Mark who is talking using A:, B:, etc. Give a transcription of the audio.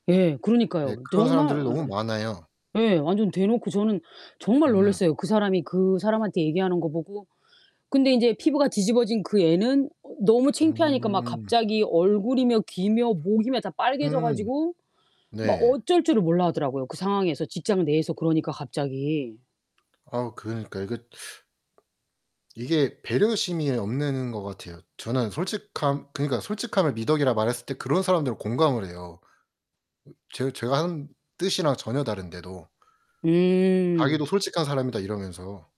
A: 예
B: 예.
A: 그러니까요.
B: 그런
A: 정말
B: 사람들
A: 어
B: 너무 많아요.
A: 예 완전 대놓고 저는 정말
B: 음.
A: 놀랬어요 그 사람이 그 사람한테 얘기하는 거 보고. 근데 인제 피부가 뒤집어진 그 애는 어 너무 창피하니까 막
B: 음.
A: 갑자기 얼굴이며 귀며 목이며 다 빨개져
B: 음.
A: 가지고 막
B: 네.
A: 어쩔 줄을 몰라 하더라고요 그 상황에서 직장 내에서 그러니까 갑자기.
B: 아 그러니까 이거 이게 배려심이 없는 것 같아요. 저는 솔직함 그니까 솔직함을 미덕이라 말했을 때 그런 사람들은 공감을 해요. 음 제 제가 하는 뜻이랑 전혀 다른데도.
A: 음.
B: 자기도 "솔직한 사람이다." 이러면서.